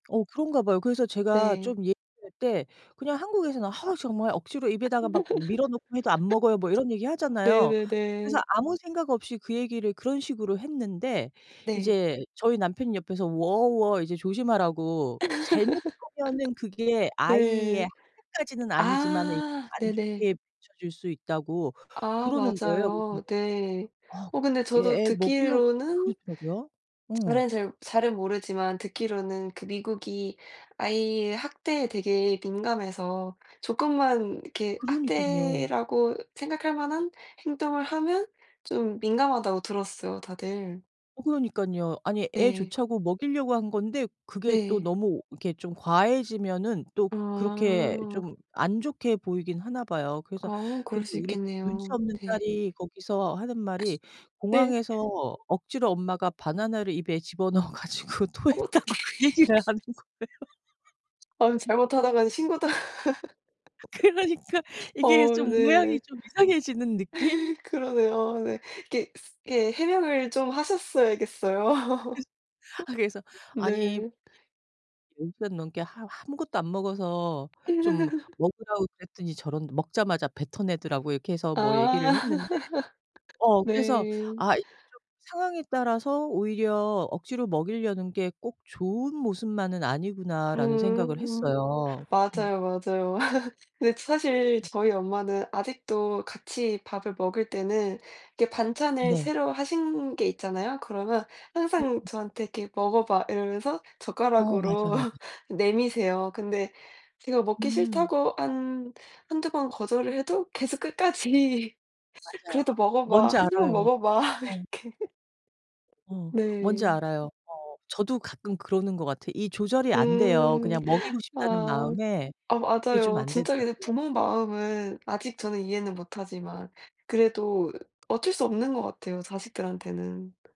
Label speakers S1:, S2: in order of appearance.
S1: 어 그런가 봐요. 그래서 제가
S2: 네.
S1: 좀 얘기할 때 그냥 한국에서는 "하으 정말 억지로 입에다가 막 밀어 넣고 해도 안 먹어요." 뭐 이런 얘기하잖아요. 그래서
S2: 네네네.
S1: 아무 생각 없이 그 얘기를 그런 식으로 했는데
S2: 네.
S1: 이제 저희 남편이 옆에서 "워 워." 이제 "조심하라."고. "잘못 하면은 그게 아이의
S2: 네.
S1: 학대까지는 아니지만은 이게
S2: 아
S1: 안
S2: 네네.
S1: 좋게 비추어질 수 있다."고
S2: 아
S1: 그러는 거예요. 그래서
S2: 맞아요.
S1: 내가
S2: 네.
S1: "아
S2: 어 근데 저도
S1: 얘 애 먹이려고"
S2: 듣기로는
S1: 그렇더라고요. 어.
S2: 잘은 잘 잘은 모르지만 듣기로는 그 미국이 아이의 학대에 되게 민감해서 조금만 이렇게
S1: 그러니깐요.
S2: 학대라고 생각할 만한 행동을 하면 좀 민감하다고 들었어요 다들.
S1: 어 그러니깐요. 아니 애
S2: 네.
S1: 좋자고 먹이려고 한 건데 그게 또
S2: 네.
S1: 너무 오 이렇게 좀 과해지면은 또 그렇게
S2: 아.
S1: 좀 안 좋게 보이긴 하나 봐요. 그래서
S2: 아 그럴
S1: 근데
S2: 수
S1: 우리
S2: 있겠네요.
S1: 눈치없는
S2: 네.
S1: 딸이 거기서 하는 말이
S2: 네. 예.
S1: "공항에서 억지로 엄마가 바나나를 입에 집어넣어 가지고 토했다." 고
S2: 어떡해.
S1: 그 얘기를 하는 거예요.
S2: 아 잘못하다가는 신고당하
S1: 그러니까 이게
S2: 어
S1: 좀
S2: 네.
S1: 모양이 좀 이상해지는 느낌?
S2: 그러네요. 네. 이게 쓰 이게 해명을 좀
S1: 그래서
S2: 하셨어야겠어요.
S1: 아 그래서 "아니
S2: 네.
S1: [unintelligible] 10 시간 넘게 하우 아무것도 안 먹어서 좀 먹으라고 그랬더니 저런 먹자마자 뱉어내더라."라고 해서 뭐
S2: 아.
S1: 얘기를 했는데 어 그래서
S2: 네.
S1: '아 이게 좀 상황에 따라서 오히려 억지로 먹이려는 게 꼭 좋은 모습만은 아니구나.'라는 생각을
S2: 음.
S1: 했어요. 음.
S2: 맞아요, 맞아요. 근데 사실
S1: 음.
S2: 저희 엄마는 아직도 같이 밥을 먹을 때는 이렇게 반찬을
S1: 네.
S2: 새로 하신 게 있잖아요. 그러면
S1: 예.
S2: 항상
S1: 음.
S2: 저한테 이렇게 "먹어 봐." 이러면서
S1: 어. 맞아,
S2: 젓가락으로
S1: 맞아.
S2: 내미세요. 근데 제가 먹기
S1: 음.
S2: 싫다고 한 1-2 번 거절을 해도 계속 끝까지
S1: 맞아요.
S2: "그래도 먹어 봐.
S1: 뭔지
S2: 1 입만
S1: 알아요.
S2: 먹어 봐."
S1: 어.
S2: 이렇게
S1: 어. 뭔지
S2: 네.
S1: 알아요. 어. 저도 가끔 그러는 것 같아요. 이 조절이 안돼요.
S2: 음.
S1: 그냥 먹이고 싶다는
S2: 아.
S1: 마음에
S2: 아
S1: 그게 좀
S2: 맞아요.
S1: 안
S2: 진짜 근데
S1: 되더라고요.
S2: 부모 마음은 아직 저는 이해는 못 하지만 그래도 어쩔 수 없는 것 같아요 자식들한테는. 프.